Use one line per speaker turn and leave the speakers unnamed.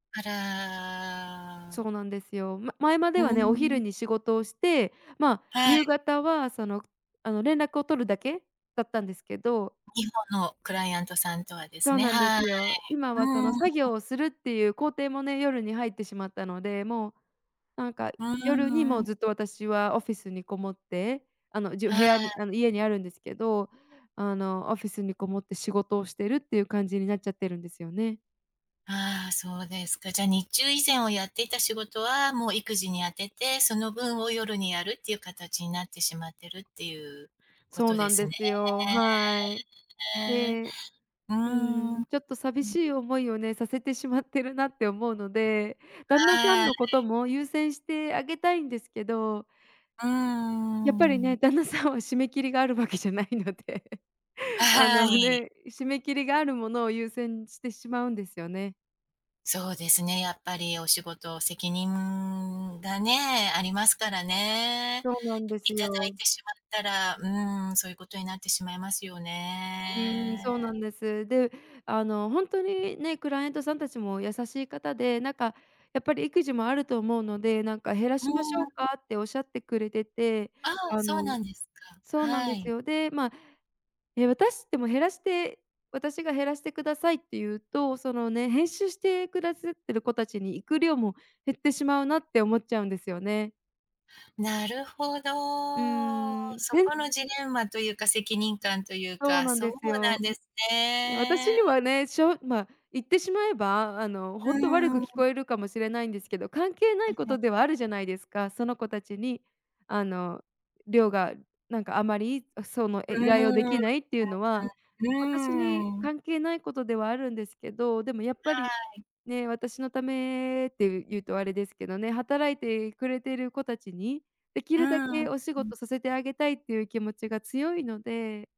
あら。
そうなんですよ。ま前ま
う
では
ー
ね、お昼
ん。
に仕事をして、まあ、
はい。
夕方はその、あの、連絡を取るだけだったんですけど。
日本のクライアントさんとはです
そう
ね、
なんで
は
す
い。
よ。今はそ
う
の作
ー
業
ん。
をするっていう工程もね、夜に入ってしまったので、もう、なんか
あ
夜にも
あ。
うずっと私はオフィスに籠もって、あの、じゅ部
はい。
屋にあの、家にあるんですけど、あの、オフィスに籠もって仕事をしてるっていう感じになっちゃってるんですよね。
ああ、そうですか。じゃ、日中以前をやっていた仕事は、もう育児に充てて、その分を夜にやるっていう形になってしまってるっていうこ
そう
とで
なん
す
で
ね。
すよ、はい。で
うー
う
ん。う
ん、ちょっと寂し
ん。
い思いをね、させてしまってるなって思うので、旦那さん
はい。
のことも優先してあげたいんですけど
うー
やっぱりね、
ん。
旦那さんは締め切りがあるわけじゃないので。
は
あの
はい。
ね、締め切りがあるものを優先してしまうんですよね。
そうですね、やっぱりお仕事、責任がね、ありますからね。
そうなんで
い
す
ただい
よ。
てしまったら、うーん、そういうことになってしまいますよ
うーん、そ
ね。
うなんです。で、あの、ほんとにね、クライアントさんたちも優しい方で、なんかやっぱり育児もあると思うので、なんか減ら
うー
しまし
ん、
ょ
う
う
ん。
か？っておっしゃってくれてて、
ああ、
あ
そうな
の
んですか。
そうなん
は
です
い。
よ。で、ま、え、私でも減らして私が減らしてくださいって言うと、そのね、編集してくださってる子たちに行く量も減ってしまうなって思っちゃうんですよね。
なるほど。
うーん、
そ
でん
このジレンマというか責任感という
そう
か、
なん
そ
で
う
す
な
よ。
んです
ね、私
ね。
にはね、しょまあ、言ってしまえばあの、
うー
ほんと悪く
ん、う
聞
ん。
こえるかもしれないんですけど、関係な
あ、
いこと
ね。
ではあるじゃないですか。その子達にあの、量がなんかあまりその、
う
え、依頼をで
ーん。うん、う
きないっていうのは、私に
ん、うーん。
関係ないことではあるんですけど、でもやっぱり、
はい。
ね、私のためって言うとあれですけどね、働いてくれてる子達に、出来
うー
るだけ
ん。
お仕
うん。
事させてあげたいっていう気持ちが強いので。